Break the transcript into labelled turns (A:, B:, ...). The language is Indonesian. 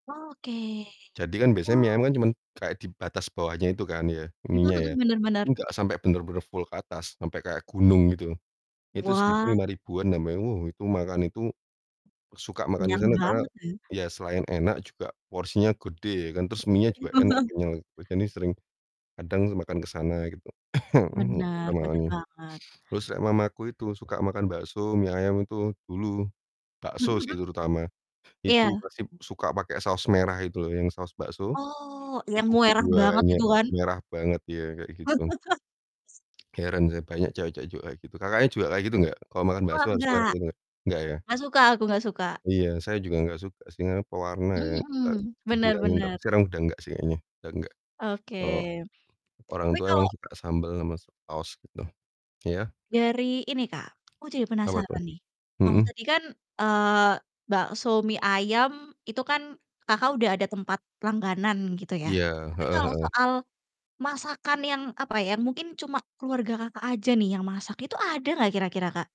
A: Oke,
B: Jadi kan biasanya mie
A: wow!
B: ayam kan cuman kayak di batas bawahnya itu kan ya,
A: Mhm
B: mienya ya,
A: mhm, bener
B: ini
A: bener.
B: nggak, sampai bener-bener full ke atas sampai kayak gunung gitu, itu segitu
A: Wah!
B: Rp5.000-an [unintelligible] wah, itu makan itu suka makan di
A: Kenyang
B: sana karena
A: banget ya?
B: ya selain enak juga porsinya gede ya kan, terus mienya juga enak, kenyal gitu, [unintelligible] sering kadang makan ke sana gitu.
A: Bener bener
B: [unintelligible]
A: banget.
B: Terus nek mamaku itu suka makan bakso, mie ayam itu dulu
A: Mhm
B: bakso
A: mhm.
B: sih terutama, itu
A: Iya.
B: pasti suka pakai saus merah itu loh, yang saus bakso,
A: Oh, yang
B: itu
A: merah banget
B: banyak,
A: itu kan?
B: merah banget ya, kayak gitu. Heran saya banyak cewek-cewek juga kayak gitu, Kakaknya juga kayak gitu gak? Kalau makan
A: Wah,
B: bakso harus merah
A: nggak.
B: gitu gak? Gak ya?
A: Nggak suka aku, nggak suka.
B: Iya, saya juga gak suka sih, karena pewarnaan ya,
A: Mhm
B: ta
A: mhm, bener
B: dibilangin tapi
A: bener.
B: sekarang udah gak sih kayaknya, udah gak. Kalo
A: Oke,
B: orang
A: tapi
B: tua
A: kalau
B: emang suka sambal sama saos gitu, iya?
A: dari ini, Kak, aku jadi
B: Apa tuh?
A: penasaran nih, kalau
B: Mhm.
A: tadi kan, eee, bakso mie ayam itu kan Kakak udah ada tempat langganan gitu ya,
B: Iya,
A: tapi
B: heeh
A: kalau
B: heeh.
A: soal masakan yang, apa, yang mungkin cuma keluarga Kakak aja nih yang masak, itu ada nggak kira-kira, Kak?